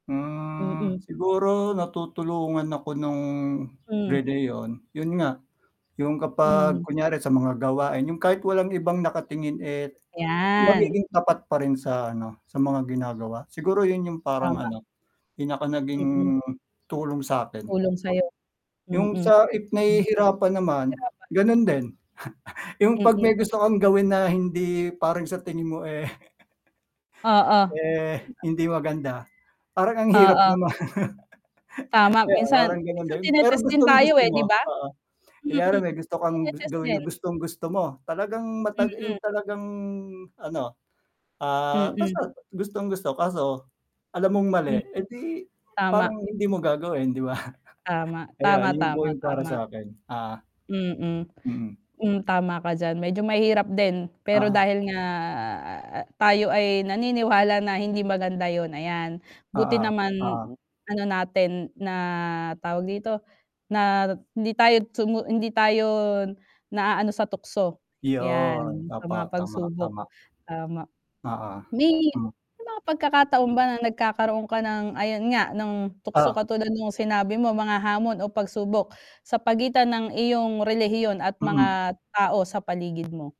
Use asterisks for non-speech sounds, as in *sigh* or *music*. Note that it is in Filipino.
Hmm, Mm. siguro natutulungan ako nung Hmm. relihiyon. Yun nga, yung kapag Hmm. kunyari sa mga gawain, yung kahit walang ibang nakatingin eh, 'Yan. magiging tapat pa rin sa ano, sa mga ginagawa. Siguro yun yung parang Tama. ano, do'n ako naging Mm. tulong sa'kin. Tulong sa'yo, mm. Yung sa if Hmm. nahihirapan naman, Nahirapan. ganun din. *scoffs* Yung 'pag Mm. may gusto kang gawin na hindi parang sa tingin mo eh *chuckles* Oo. eh, hindi maganda parang ang hirap Oo. naman. *chuckles* Tama Kaya minsan, parang ganun minsan din, pero tinetest din tayo gustong-gusto eh, 'di mo, ba? oo. Kunyari Mm. may gusto kang Tine-test gawin na din. gustong-gusto mo talagang matag yung Mm. talagang ano, ah, Mm. basta gustong gusto kaso alam mong mali, Hmm. edi parang Tama. hindi mo gagawin 'di ba. *chuckles* Tama. Kaya Tama, yun po tama, yung para tama. sa'kin, ah. Mm. Mm. Hmm, tama ka diyan medyo mahirap din, pero Oo. dahil nga tayo ay naniniwala na hindi maganda yun, ayan Oo, buti naman, oo. ano natin na, tawag dito, na hindi tayo sumu hindi tayo naaano sa tukso. 'Yon, 'Yan sa opo, mga tama, pagsubok, tama. tama. Oo. May Hmm. may mga pagkakataon ba nagkakaroon ka ng ayon nga, ng tukso Oh. katulad nung sinabi mo mga hamon, o pagsubok sa pagitan ng iyong relihiyon at Mhm. mga tao sa paligid mo?